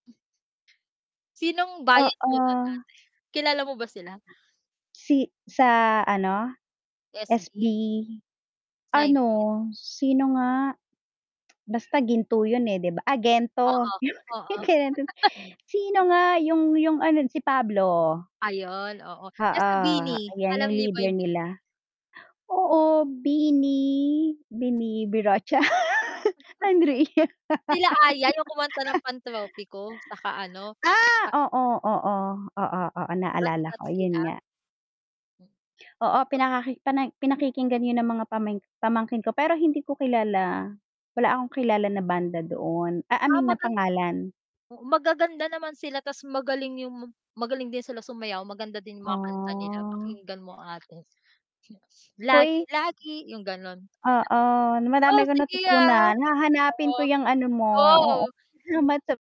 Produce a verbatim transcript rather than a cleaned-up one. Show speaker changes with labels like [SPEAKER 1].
[SPEAKER 1] Sinong bias mo dun ate?
[SPEAKER 2] Oo.
[SPEAKER 1] Kilala mo ba sila?
[SPEAKER 2] Si sa ano, SB
[SPEAKER 1] SB.
[SPEAKER 2] ano,
[SPEAKER 1] nineteenth.
[SPEAKER 2] sino nga, basta Ginto yun eh 'di ba ay Gento
[SPEAKER 1] Oo,
[SPEAKER 2] yung
[SPEAKER 1] oo.
[SPEAKER 2] [unintelligible] sino nga yung yung ano si Pablo.
[SPEAKER 1] Ayun, oo. Eh,
[SPEAKER 2] Oo,
[SPEAKER 1] sa BINI?
[SPEAKER 2] ayan
[SPEAKER 1] Alam
[SPEAKER 2] yung
[SPEAKER 1] niyo ba
[SPEAKER 2] leader
[SPEAKER 1] yung BINI?
[SPEAKER 2] nila. Oo, BINI, BINI-birocha Andrea.
[SPEAKER 1] Sila Aiah, yung kumanta ng Pantropiko, tsaka ano,
[SPEAKER 2] Ah!
[SPEAKER 1] a
[SPEAKER 2] oo, oo, oo, oo,
[SPEAKER 1] Ba
[SPEAKER 2] naalala
[SPEAKER 1] sikat
[SPEAKER 2] ko, yun
[SPEAKER 1] sila.
[SPEAKER 2] nga. Oo,
[SPEAKER 1] Ba
[SPEAKER 2] pinakaki pani pinakikinggan yun ng mga pamangk pamangkin ko pero hindi ko kilala, wala akong kilala na banda doon ah, I
[SPEAKER 1] Ah
[SPEAKER 2] mean na
[SPEAKER 1] magan
[SPEAKER 2] pangalan.
[SPEAKER 1] oo, magaganda naman sila tas magaling yung magaling din sila sumayaw, maganda din yung mga kanta nila.
[SPEAKER 2] Ah.
[SPEAKER 1] Pakinggan mo ang ate.
[SPEAKER 2] Hoy.
[SPEAKER 1] Lagi-lagi, yung ganun.
[SPEAKER 2] Oo,
[SPEAKER 1] Oh,
[SPEAKER 2] madami kong
[SPEAKER 1] sige, ah.
[SPEAKER 2] natutunan. Hahanapin ko
[SPEAKER 1] Oo.
[SPEAKER 2] yung ano mo,
[SPEAKER 1] Go.
[SPEAKER 2] oo [unintelligible]